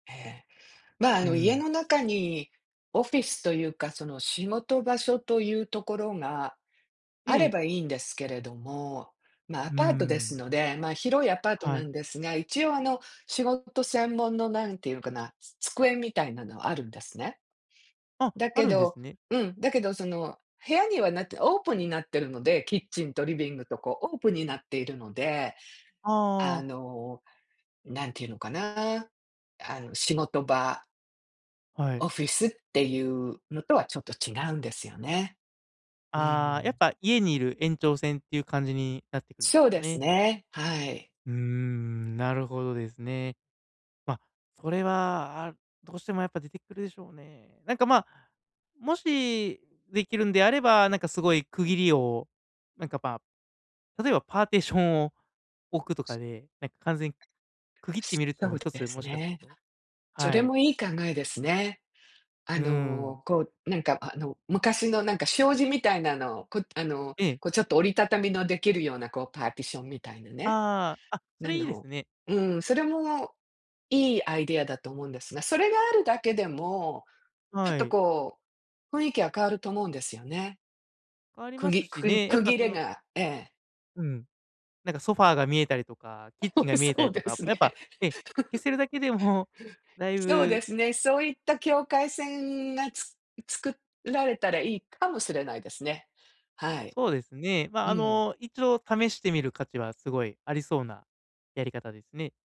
ええ、ま、あうーの、家ん。の中にオフィスというか、その仕事場所というところが、うあれん。ばいいんですけれども、ま、うアーパートでん。すので、ま、広いアパートはない。んですが、一応、あの、仕事専門のなんていんかな、つ机みたいなのはあるんですね。あ、だあけるんでどすね。うん、だけどその部屋にはなってオープンになってるので、キッチンとリビングと、こうオープンになっているので、あああ。の、何て言うのかな？あの、仕事場はい。オフィスっていうのとは、ちょっと違うんですよね。うーああ、やっん。ぱ家にいる延長線っていう感じになってくるんでそすうかですね？ね、はい。うーん、なるほどですね。ま、それはどうしてもやっぱ出てくるでしょうね。なんか、まあ、もしできるんであれば、なんかすごい区切りを、なんか、ま、例えばパーテーションを置くとすかで、なんか完全区切ってすみるってそのもう一つ、ですもしかするね。とそはれい。もいい考えですね。うあーの、ん。こう、なんか、あの、昔のなんか障子みたいなのを、こ、あの、ええ。こう、ちょっと折りたたみのできるようなこうパーティションみたいなね、ああ、あ、そなれいいですのね。うん、それもいいアイデアだと思うんですが、それがあるだけでも、ちょはっとい。こう、雰囲気は変わると思うんですよね。変わりくますぎくしくんね、やっ区ぱ、切それのがええ。うん、なんかソファーが見えたりとか、キッチンが 見えたそりうとでか、すね。やっぱ、ええ、消 せるだけでもだいそうでぶすね、そういった境界線がつ作られたらいいかもしれないですね。はい。そうですね、まあ、うあん。の、一度試してみる価値はすごいありそうなやり方ですね。